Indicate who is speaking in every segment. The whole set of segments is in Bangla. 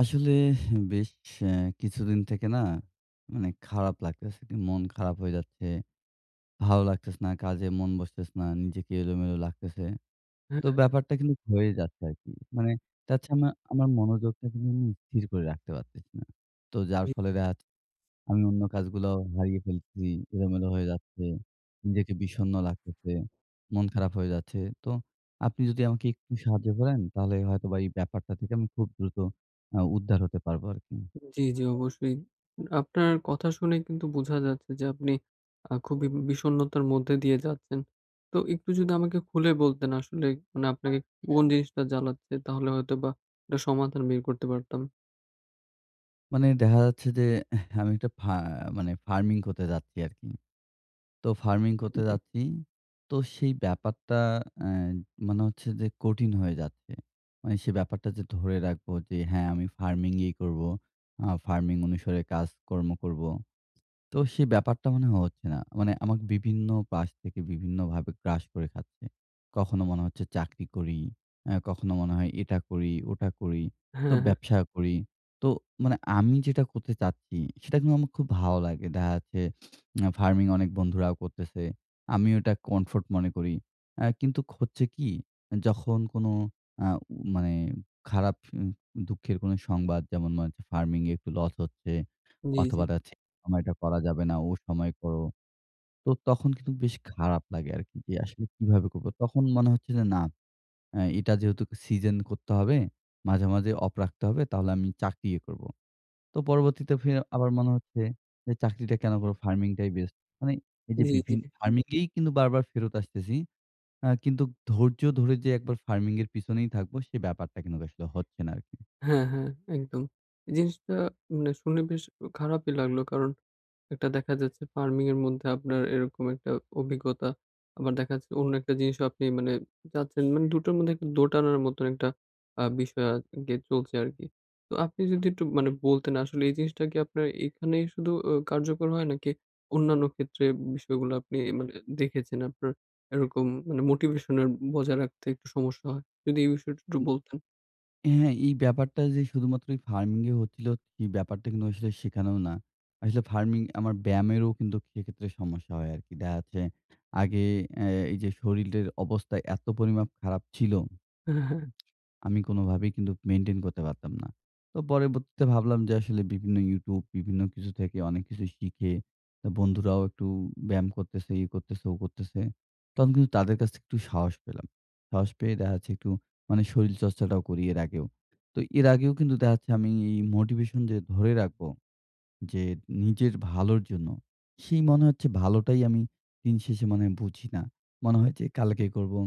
Speaker 1: আসলে বেশ অ্যা কিছুদিন থেকে না মানে খারাপ লাগতেছে। মন খারাপ হয়ে যাচ্ছে। ভালো লাগতেছে না, কাজে মন বসতেসে না, নিজেকে এলোমেলো লাগতেছে। তো
Speaker 2: হ্যাঁ।
Speaker 1: ব্যাপারটা কিন্তু হয়ে যাচ্ছে আরকি। মানে তাছাড়া আমার মনোযোগটা কিন্তু আমি স্থির করে রাখতে পারতেছি না। তো যার
Speaker 2: [unintelligible]
Speaker 1: ফলে দেখা আমি অন্য কাজগুলাও হারিয়ে ফেলছি। এলোমেলো হয়ে যাচ্ছে। নিজেকে বিষণ্ণ লাগতেছে। মন খারাপ হয়ে যাচ্ছে। তো, আপনি যদি আমাকে একটু সাহায্য করেন তাহলে হয়তো বা, এই ব্যাপারটা থেকে আমি খুব দ্রুত অ্যা উদ্ধার হতে পারবো আরকি।
Speaker 2: জ্বী, জ্বী অবশ্যই। আপনার কথা শুনে কিন্তু বোঝা যাচ্ছে যে আপনি আ খুবই বিষন্নতার মধ্যে দিয়ে যাচ্ছেন। তো একটু যদি আমাকে খুলে বলতেন আসলে মানে আপনাকে কোন জিনিসটা জ্বালাচ্ছে? তাহলে হয়তো বা একটা সমাধান বের করতে পারতাম।
Speaker 1: মানে দেখা যাচ্ছে যে আমি একটা ফা মানে ফার্মিং করতে যাচ্ছি আরকি। তো ফার্মিং করতে
Speaker 2: [unintelligible]
Speaker 1: যাচ্ছি। তো সেই ব্যাপারটা অ্যা মনে হচ্ছে যে কঠিন হয়ে যাচ্ছে। মানে সে ব্যাপারটা যে ধরে রাখবো যে হ্যাঁ আমি ফার্মিং-ই করবো। আ ফার্মিং অনুসারে কাজকর্ম করব। তো সেই ব্যাপারটা মনে হচ্ছে না। মানে আমাকে বিভিন্ন পাশ থেকে বিভিন্নভাবে গ্রাস করে খাচ্ছে। কখনো মনে হচ্ছে চাকরি করি। অ্যা কখনো মনে হয় এটা করি, ওটা করি। তো
Speaker 2: হ্যাঁ, হ্যাঁ।
Speaker 1: ব্যবসা করি। তো, মানে আমি যেটা করতে চাচ্ছি সেটা কিন্তু আমার খুব ভালো লাগে। দেখা যাচ্ছে ফার্মিং অনেক বন্ধুরাও করতেছে। আমিও এটা কমফোর্ট মনে করি। অ্যা কিন্তুক হচ্ছে কি যখন কোন আ মানে খারাপ দুঃখের কোনো সংবাদ যেমন মনে হচ্ছে ফার্মিং এ একটু লস হচ্ছে
Speaker 2: জ্বী,
Speaker 1: অথবা
Speaker 2: জ্বী।
Speaker 1: দেখা যাচ্ছে এ সময়টা করা যাবে না ও সময় করো। তো তখন কিন্তু বেশ খারাপ লাগে আরকি, যে আসলে কিভাবে করব। তখন মনে হচ্ছে যে না আ এটা যেহেতু সিজন করতে হবে, মাঝে, মাঝে অফ রাখতে হবে তাহলে আমি চাকরিই করব। তো পরবর্তীতে ফি আবার মনে হচ্ছে, যে চাকরিটা কেন করবো ফার্মিং টাই বেস্ট। মানে এই যে
Speaker 2: জ্বী,
Speaker 1: বিভিন্ন
Speaker 2: জ্বী।
Speaker 1: ফার্মিং-এই কিন্তু বারবার ফেরত আসতেছি। আ কিন্তু ধৈর্য ধরে যে একবার ফার্মিং এর পেছনেই থাকবো সে ব্যাপারটা কিন্তু আসলে হচ্ছে না আরকি।
Speaker 2: হ্যাঁ, হ্যাঁ একদম। এই জিনিসটা মানে শুনে বেশ খারাপই লাগলো। কারণ, একটা দেখা যাচ্ছে ফার্মিং এর মধ্যে আপনার এরকম একটা অভিজ্ঞতা। আবার দেখা যাচ্ছে অন্য একটা জিনিসও আপনি মানে যাচ্ছেন মানে দুটোর মধ্যে একটু দোটানার মতন একটা আ বিষয় আরকি চলছে আরকি। তো আপনি যদি একটু মানে বলতেন আসলে এই জিনিসটা কি আপনার এখানেই শুধু কার্যকর হয়? নাকি অন্যান্য ক্ষেত্রে বিষয়গুলো আপনি মানে দেখেছেন আপনার এরকম মানে মোটিভেশন এর বজায় রাখতে একটু সমস্যা হয়? যদি এই বিষয়টা একটু
Speaker 1: [unintelligible]
Speaker 2: বলতেন।
Speaker 1: হ্যাঁ, এই ব্যাপারটা যে শুধুমাত্র ঐ ফার্মিং-এ হচ্ছিল, এই ব্যাপারটা কিন্তু আসলে সেখানেও না। আসলে ফার্মিং আমার ব্যায়ামেরও কিন্তু সেক্ষেত্রে সমস্যা হয় আরকি। দেখা যাচ্ছে আগে অ্যা এই যে শরীলটের অবস্থা এত পরিমাপ খারাপ ছিল,
Speaker 2: হ্যাঁ, হ্যাঁ, হ্যাঁ।
Speaker 1: আমি কোনভাবেই কিন্তু মেইনটেইন করতে পারতাম না। তো পরবর্তীতে ভাবলাম যে আসলে বিভিন্ন ইউটিউব। বিভিন্ন কিছু থেকে অনেক কিছু শিখে অ্যা বন্ধুরাও একটু ব্যায়াম করতেছে, ই করতেছে, ও করতেছে। তখন কিন্তু তাদের কাছ থেকে একটু সাহস পেলাম। সাহস পেয়ে দেখা হচ্ছে একটু মানে শরীর চর্চাটাও করি এর আগেও। তো এর আগেও কিন্তু দেখাচ্ছে আমি এই মোটিভেশন যে ধরে রাখব। যে নিজের ভালোর জন্য। সেই মনে হচ্ছে ভালোটাই আমি দিন শেষে মনে হয় বুঝি না। মনে হয় যে কালকে করবো,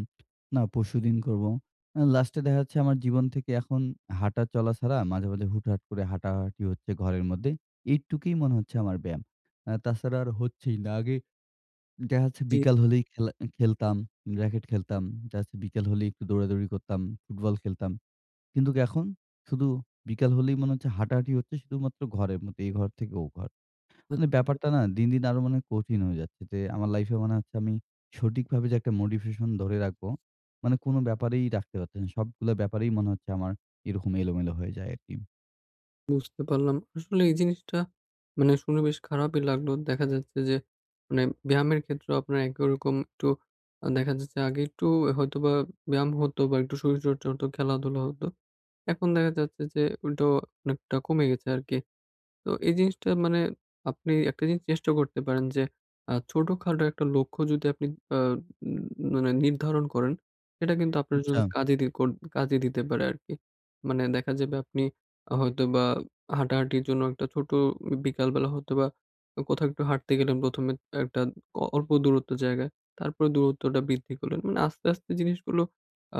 Speaker 1: না পরশুদিন করবো। অ্যা লাস্টে দেখা যাচ্ছে আমার জীবন থেকে এখন হাঁটা চলা ছাড়া মাঝে, মাঝে হুট-হাট করে হাঁটা-হাঁটি হচ্ছে ঘরের মধ্যে। এইটুকুই মনে হচ্ছে আমার ব্যায়াম। অ্যা তাছাড়া আর হচ্ছেই না। আগে দেখা যাচ্ছে
Speaker 2: জ্বী।
Speaker 1: বিকাল হলেই খেলা খেলতাম, র‍্যাকেট খেলতাম, জাস্ট বিকেল হলেই একটু দৌড়াদৌড়ি করতাম, ফুটবল খেলতাম। কিন্তুক এখন? শুধু বিকাল হলেই মনে হচ্ছে হাঁটা-হাঁটি হচ্ছে শুধুমাত্র ঘরের মধ্যে এ ঘর থেকে ও ঘর। মানে
Speaker 2: [unintelligible]
Speaker 1: ব্যাপারটা না দিন, দিন আরো মনে হয় কঠিন হয়ে যাচ্ছে। যে আমার লাইফ-এ মনে হচ্ছে আমি, সঠিকভাবে যে একটা মোটিভেশন ধরে রাখবো মানে কোন ব্যাপারেই রাখতে পারতেছি না। সবগুলা ব্যাপারেই মনে হচ্ছে আমার, এরকম এলোমেলো হয়ে যায় আরকি।
Speaker 2: বুঝতে পারলাম, আসলে এই জিনিসটা মানে শুনে বেশ খারাপই লাগলো, দেখা যাচ্ছে যে মানে ব্যায়ামের ক্ষেত্রে আপনার একরকম একটু দেখা যাচ্ছে আগে একটু হয়তো বা, ব্যায়াম হতো বা, একটু শরীরচর্চা হতো খেলা-ধুলা হত, এখন দেখা যাচ্ছে যে উলটো অনেকটা কমে গেছে আরকি, তো এই জিনিসটা মানে আপনি একটা জিনিস চেষ্টা করতে পারেন যে ছোটখাডো একটা লক্ষ্য যদি আপনি অ্যা ম মানে নির্ধারণ করেন সেটা কিন্তু আপনার জন্য
Speaker 1: আচ্ছা।
Speaker 2: কাজে দিকর কাজে দিতে পারে আরকি, মানে দেখা যাবে আপনি হয়তো বা, হাঁটা-হাঁটির জন্য একটা ছোট বিকালবেলা হয়তো বা, কোথাও একটু হাঁটতে গেলেন প্রথমে একটা অল্প দূরত্ব জায়গায় তারপরে দূরত্বটা বৃদ্ধি করলেন, মানে আস্তে, আস্তে জিনিসগুলো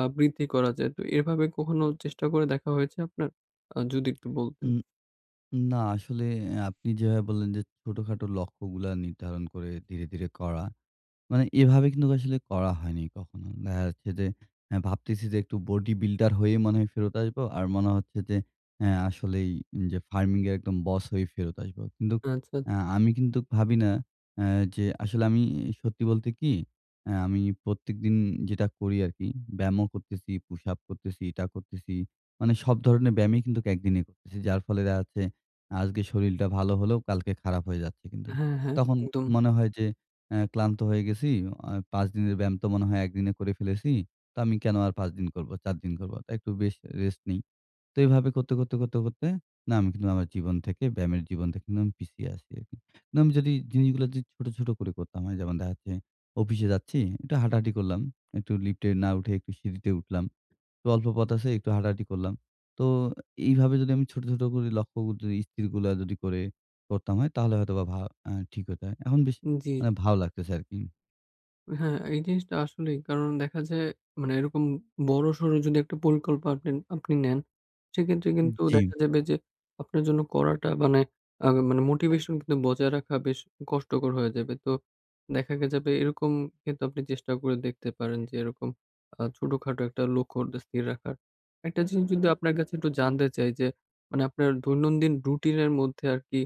Speaker 2: আ বৃদ্ধি করা যায় তো, তো এভাবে কখনো চেষ্টা করে দেখা হয়েছে আপনার, অ যদি একটু বলতেন।
Speaker 1: উম না আসলে আপনি যেভাবে বললেন যে ছোটখাটো লক্ষ্যগুলা নির্ধারণ করে ধীরে, ধীরে করা মানে এভাবে কিন্তু আসলে করা হয়নি কখনো, আ দেখা যাচ্ছে যে ভাবতেছি যে একটু বডি বিল্ডার হয়ে মনে হয় ফেরত আসবো, আর মনে হচ্ছে যে এ আসলেই যে ফার্মিং এর একদম বস হয়েই ফেরত আসবো, কিন্তু
Speaker 2: আচ্ছা, আচ্ছা।
Speaker 1: আমি কিন্তু ভাবি না আ যে আসলে আমি সত্যি বলতে কি আমি প্রত্যেকদিন যেটা করি আরকি ব্যায়ামও করতেছি, পুশ-আপ করতেছি, এটা করতেছি, মানে সব ধরনের ব্যায়ামই কিন্তু একদিনে করতেছি, যার ফলে দেখা যাচ্ছে আজকে শরীরটা ভালো হলেও কালকে খারাপ হয়ে যাচ্ছে কিন্তু,
Speaker 2: হ্যাঁ, হ্যাঁ,
Speaker 1: তখন
Speaker 2: একদম।
Speaker 1: তো মনে হয় যে আ ক্লান্ত হয়ে গেছি এ ৫ দিনের ব্যায়াম তো মনে হয় একদিনে করে ফেলেছি, তো আমি কেন আর ৫ দিন করবো, ৪ দিন করবো, তো একটু বেশ রেস্ট নেই, তো এভাবে করতে, করতে, কর, তে করতে ব্যায়াম কিন্তু আমার জীবন থেকে ব্যায়ামের জীবন থেকে আমি পিছিয়ে আছি, না আমি যদি জিনিসগুলো যদি ছোট, ছোট করে করতাম হয় যেমন দেখা যাচ্ছে অফিসে যাচ্ছি একটু হাঁটা-হাঁটি করলাম, একটু লিফটে না উঠে একটু সিঁড়িতে উঠলাম, বা অল্প পথ আছে একটু হাঁটা-হাঁটি করলাম, তো এভাবে যদি আমি ছোট, ছোট করে লক্ষ্য যদি ইস্থিরগুলা যদি করে করতাম হয় তাহলে হয়তোবা ভা ঠিক হতে হয়, এখন বেশ
Speaker 2: জ্বী।
Speaker 1: ভালো লাগতেছে আরকি।
Speaker 2: হ্যাঁ, এই জিনিসটা আসলেই কারণ দেখা যায়, মানে এরকম বড়সর যদি একটা পরিকল্পনা আপনি, আপনি নেন, সেক্ষেত্রে কিন্তু দেখা
Speaker 1: জি।
Speaker 2: যাবে যে, আপনার জন্য করাটা মানে আ মানে মোটিভেশন কিন্তু বজায় রাখা বেশ কষ্টকর হইয়া যাবে। তো দেখা যাবে এরকম কিন্তু আপনি চেষ্টা করে দেখতে পারেন যে, এরকম আ ছোটখাটো একটা লক্ষ্য স্থির রাখার। একটা জিনিস যদি আপনার কাছে একটু জানতে চাই যে, মানে আপনার দৈনন্দিন রুটিনের মধ্যে আরকি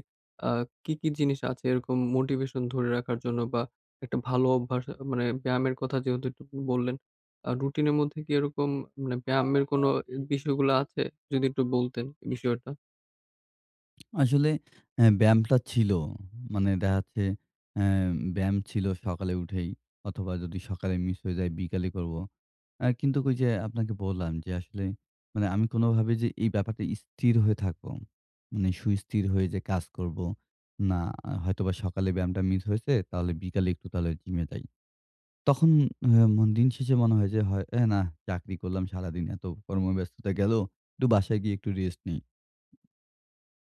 Speaker 2: আ কি, কি জিনিস আছে এরকম মোটিভেশন ধরে রাখার জন্য? বা একটা ভালো অভ্যাস মানে ব্যায়ামের কথা যেহেতু একটু বললেন, আ রুটিনের মধ্যে কি এরকম মানে ব্যায়ামের কোনো বিষয়গুলো আছে? যদি একটু বলতেন বিষয়টা।
Speaker 1: আসলে অ্যা ব্যায়ামটা ছিল, মানে দেখা যাচ্ছে অ্যা ব্যায়াম ছিল সকালে উঠেই, অথবা যদি সকালে মিস হয়ে যায় বিকালে করবো। অ্যা কিন্তু ওইযে আপনাকে বললাম যে আসলে, মানে আমি কোনভাবে যে এই ব্যাপারটা স্থির হয়ে থাকবো, মানে সুস্থির হয়ে যে কাজ করব, না, হয়তোবা সকালে ব্যায়ামটা মিস হয়েছে, তাহলে বিকালে একটু তাহলে জিমে যাই। তখন হা মন দিন শেষে মনে হয় হে না চাকরি করলাম সারাদিন, এত কর্মব্যস্ততা গেল, একটু বাসায় গিয়ে একটু রেস্ট নিই।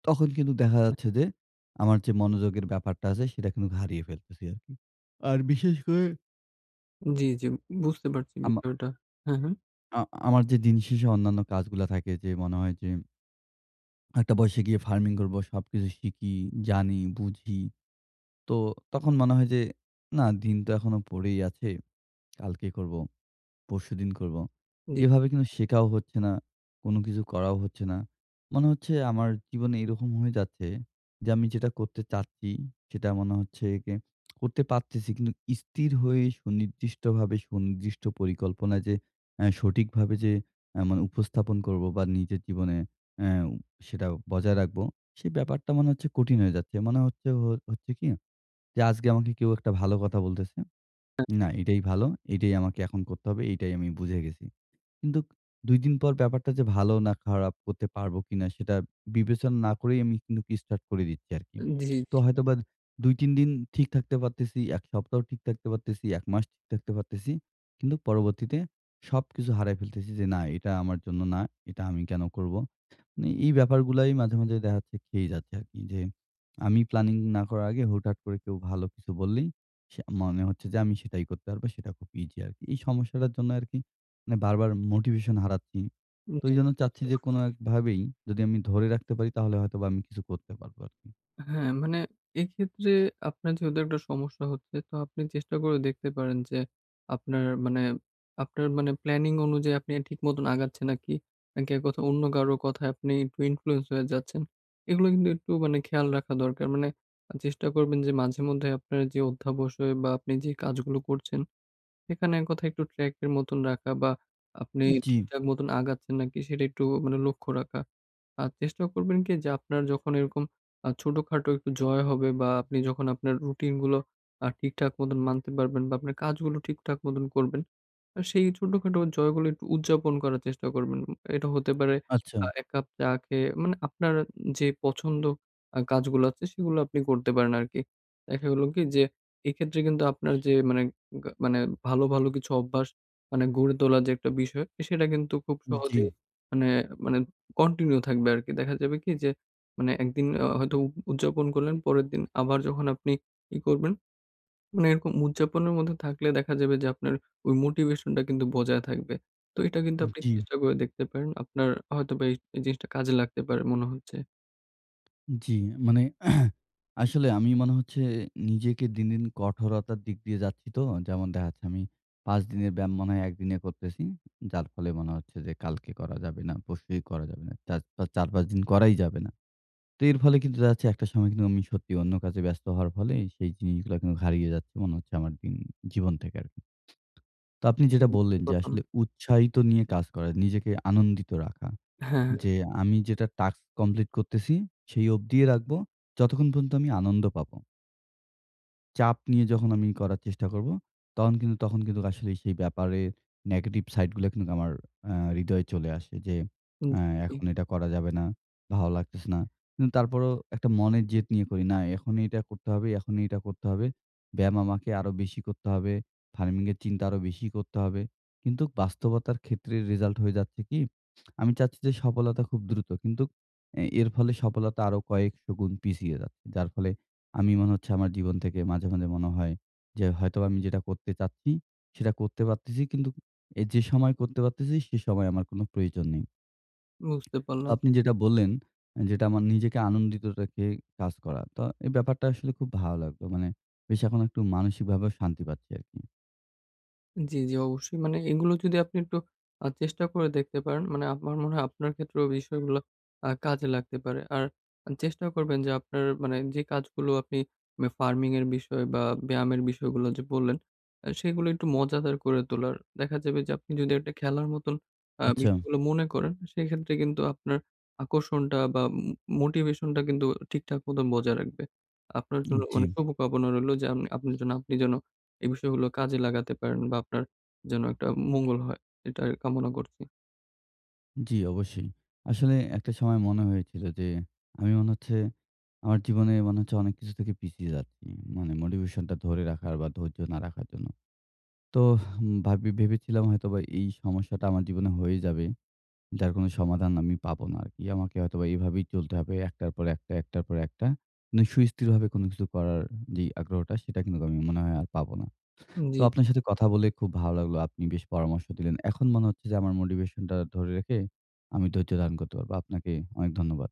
Speaker 1: তখন কিন্তু দেখা যাচ্ছে যে, আমার যে মনোযোগের ব্যাপারটা আছে সেটা কিন্তু হারিয়ে ফেলতেছি আরকি। আর বিশেষ করে
Speaker 2: জ্বী, জ্বী। বুঝতে পারছি
Speaker 1: আমা
Speaker 2: বিষয়টা। হ্যাঁ, হ্যাঁ।
Speaker 1: আ আমার যে দিন শেষে অন্যান্য কাজগুলা থাকে যে মনে হয় যে একটা বয়সে গিয়ে ফার্মিং করব, সবকিছু শিখি, জানি, বুঝি। তো তখন মনে হয় যে না দিন তো এখনো পড়েই আছে। কালকে করব। পরশুদিন করবো।
Speaker 2: জ্বী
Speaker 1: এভাবে কিন্তু শেখাও হচ্ছে না। কোন কিছু করাও হচ্ছে না। মনে হচ্ছে আমার জীবনে এরকম হয়ে যাচ্ছে যে আমি যেটা করতে চাচ্ছি, সেটা মনে হচ্ছে করতে কি পারতেছি কিন্তু স্থির হয়ে সুনির্দিষ্টভাবে সুনির্দিষ্ট পরিকল্পনায় যে আ সঠিকভাবে যে আ মানে উপস্থাপন করব বা নিজের জীবনে অ্যা সেটা বজায় রাখবো। সেই ব্যাপারটা মনে হচ্ছে কঠিন হয়ে যাচ্ছে। মনে হচ্ছে হচ্ছে কি যে আজকে আমাকে কেউ একটা ভালো কথা বলতেছে।
Speaker 2: হ্যাঁ
Speaker 1: না এটাই ভালো। এটাই আমাকে এখন করতে হবে। এটাই আমি বুঝে গেছি। কিন্তু ২দিন পর ব্যাপারটা যে ভালো না খারাপ, করতে পারবো কিনা সেটা বিবেচনা না করেই আমি কি স্টার্ট করে দিচ্ছি আরকি।
Speaker 2: জ্বী, জ্বী।
Speaker 1: তো হয়তোবা ২-৩ দিন ঠিক থাকতে পারতেছি, এক সপ্তাহ ঠিক থাকতে পারতেছি, ১ মাস ঠিক থাকতে পারতেছি। কিন্তু পরবর্তীতে সবকিছু হারায় ফেলতেছি যে না এটা আমার জন্য না। এটা আমি কেন করব? মানে এই ব্যাপারগুলাই মাঝে, মাঝে দেখাচ্ছে খেয়ে যাচ্ছে আরকি আমি প্ল্যানিং না করার আগে হুটহাট করে কেউ ভালো কিছু বললেই সে মনে হচ্ছে যে আমি সেটাই করতে পারবো। সেটা খুব ইজি আরকি। এই সমস্যাটার জন্য আরকি মানে বারবার মোটিভেশন হারাচ্ছি।
Speaker 2: উম
Speaker 1: তো
Speaker 2: জ্বী।
Speaker 1: এইজন্য চাচ্ছি যে কোন একভাবেই যদি আমি ধরে রাখতে পারি তাহলে হয়তোবা আমি কিছু করতে পারবো আরকি।
Speaker 2: হ্যাঁ, মানে এক্ষেত্রে আপনার যেহেতু একটা সমস্যা হচ্ছে তো আপনি চেষ্টা করে দেখতে পারেন যে আপনার মানে আপনার মানে প্ল্যানিং অনুযায়ী আপনি ঠিক মত আগাচ্ছেন নাকি, নাকি অন্য কারো কথায় আপনি একটু ইনফ্লুয়েন্স হয়ে যাচ্ছেন। এগুলো কিন্তু একটু মানে খেয়াল রাখা দরকার। মানে চেষ্টা করবেন যে মাঝে মধ্যে আপনার যে অধ্যাবসয় বা আপনি যে কাজগুলো করছেন সেখানে এক কথায় একটু ট্র্যাক এর মতন রাখা বা আপনি
Speaker 1: উম জ্বী।
Speaker 2: ঠিকঠাক মত আগাচ্ছেন নাকি সেটা একটু মানে লক্ষ্য রাখা। আর চেষ্টা করবেন কি যে আপনার যখন এরকম আ ছোটখাটো একটু জয় হবে বা আপনি যখন আপনার রুটিন গুলো আ ঠিকঠাক মত মানতে পারবেন বা আপনার কাজগুলো ঠিকঠাক মত করবেন। সেই ছোটখাটো জয়গুলি উদযাপন করার চেষ্টা করবেন। এটা হতে পারে
Speaker 1: আচ্ছা।
Speaker 2: আ এক কাপ চা খেয়ে মানে আপনার যে আ পছন্দ কাজগুলো আছে সেগুলো আপনি করতে পারেন আরকি। দেখা গেলো কি যে এক্ষেত্রে কিন্তু আপনার যে মানে মানে ভালো, ভালো কিছু অভ্যাস মানে গড়ে তোলার যে একটা বিষয় সেটা কিন্তু খুব
Speaker 1: উম জ্বী।
Speaker 2: সহজেই মানে মানে কন্টিনিউ থাকবে আরকি। দেখা যাবে কি যে মানে একদিন অ হয়তো উদযাপন করলেন পরের দিন আবার যখন আপনি ই করবেন মানে এরকম উদযাপনের মধ্যে থাকলে দেখা যাবে যে আপনার ওই মোটিভেশন টা কিন্তু বজায় থাকবে। তো এটা কিন্তু
Speaker 1: উম
Speaker 2: আপনি
Speaker 1: জ্বী।
Speaker 2: চেষ্টা করে দেখতে পারেন। আপনার হয়তোবা এই জিনিসটা কাজে লাগতে পারে মনে হচ্ছে।
Speaker 1: উ জি মানে আসলে আমি মনে হচ্ছে নিজেকে দিন, দিন কঠোরতার দিক দিয়ে যাচ্ছি তো। যেমন দেখাচ্ছে আমি ৫ দিনের ব্যায়াম মনে হয় ১ দিনে করতেছি যার ফলে মনে হচ্ছে যে কালকে করা যাবে না, পরশুই করা যাবে না চাজ ৪-৫ দিন করাই যাবে না। তো এর ফলে কিন্তু দেখা যাচ্ছে একটা সময় কিন্তু আমি সত্যিই অন্য কাজে ব্যস্ত হওয়ার ফলেই সেই জিনিসগুলা কিন্তু হারিয়ে যাচ্ছে মনে হচ্ছে আমার জিন জীবন থেকে আরকি। তো আপনি যেটা বললেন যে
Speaker 2: [unintelligible]
Speaker 1: আসলে উৎসাহিত নিয়ে কাজ করা, নিজেকে আনন্দিত রাখা
Speaker 2: হ্যাঁ।
Speaker 1: যে আমি যেটা টাস্ক কমপ্লিট করতেছি সেই অবধিয়ে রাখবো যতক্ষণ পর্যন্ত আমি আনন্দ পাবো। চাপ নিয়ে যখন আমি করার চেষ্টা করবো তখন কিন্তু তখন কিন্তু আসলেই সেই ব্যাপারে নেগেটিভ সাইডগুলা কিন্তু আমার আ হৃদয় চলে আসে যে
Speaker 2: হুম
Speaker 1: আ
Speaker 2: জি।
Speaker 1: এখন এটা করা যাবে না, ভালো লাগতেছে না। কিন্তু তারপরেও একটা মনের জেদ নিয়ে করি, না এখন এটা করতে হবে, এখনই এটা করতে হবে, ব্যায়াম আমাকে আরো বেশি করতে হবে, ফার্মিং এর চিন্তা আরো বেশি করতে হবে। কিন্তু বাস্তবতার ক্ষেত্রে রেজাল্ট হয়ে যাচ্ছে কি? আমি চাচ্ছি যে সফলতা খুব দ্রুত কিন্তু এ এর ফলে সফলতা আরো কয়েকশ গুণ পিছিয়ে যাচ্ছে যার ফলে আমি মনে হচ্ছে আমার জীবন থেকে মাঝে, মাঝে মনে হয় যে হয়তোবা আমি যেটা করতে চাচ্ছি সেটা করতে পারতেছি কিন্তু যে সময় করতে পারতেছি সে সময় আমার কোনো প্রয়োজন নেই।
Speaker 2: বুঝতে
Speaker 1: তো
Speaker 2: পারলাম।
Speaker 1: আপনি যেটা বললেন যেটা আমার নিজেকে আনন্দিত রেখে কাজ করা তো এই ব্যাপারটা আসলে খুব ভালো লাগলো মানে বেশ এখন একটু মানসিকভাবে শান্তি পাচ্ছি আরকি।
Speaker 2: জি, জি অবশ্যই মানে এগুলো যদি আপনি একটু আ চেষ্টা করে দেখতে পারেন, মানে আমার মনে হয় আপনার ক্ষেত্রেও বিষয়গুলা আ কাজে লাগতে পারে আর আ চেষ্টাও করবেন যে আপনার মানে যে কাজগুলো আপনি মা ফার্মিং এর বিষয় বা ব্যায়ামের বিষয়গুলো যে বললেন অ্যা সেগুলো একটু মজাদার করে তোলার দেখা যাবে যে যদি একটা খেলার মত আ
Speaker 1: আচ্ছা।
Speaker 2: বিষয়গুলো মনে করেন সেই ক্ষেত্রে কিন্তু আপনার আকর্ষণটা বা ম মোটিভেশনটা কিন্তু ঠিকঠাক মতো বজায় রাখবে। আপনার
Speaker 1: এ
Speaker 2: জন্য অনেক
Speaker 1: জি।
Speaker 2: শুভকামনা রইলো যে আম আপনার যেনো আপনি যেনো এই বিষয়গুলো কাজে লাগাতে পারেন বা আপনার যেন একটা মঙ্গল হয় এটা কামনা করছি।
Speaker 1: জি অবশ্যই। আসলে একটা সময় মনে হয়েছিল যে আমি মনে হচ্ছে আমার জীবনে মনে হচ্ছে অনেক কিছু থেকে পিছিয়ে যাচ্ছি মানে মোটিভেশনটা ধরে রাখার বা ধৈর্য না রাখার জন্য। তোহ! ভাব্বি ভেবেছিলাম হয়তোবা এই সমস্যাটা আমার জীবনে হয়ে যাবে যার কোনো সমাধান আমি পাবো না আরকি আমাকে হয়তোবা এভাবেই চলতে হবে। একটার পর একটা, একটার পর একটা। নে সুস্থিরভাবে কোনো কিছু করার যে আগ্রহটা সেটা কিন্তু আমি মনে হয় আর পাবো না।
Speaker 2: উম জি।
Speaker 1: তো আপনার সাথে কথা বলে খুব ভালো লাগলো আপনি বেশ পরামর্শ দিলেন। এখন মনে হচ্ছে যে আমার মোটিভেশনটা ধরে রেখে আমি ধৈর্য ধারন করতে পারবো আপনাকে অনেক ধন্যবাদ।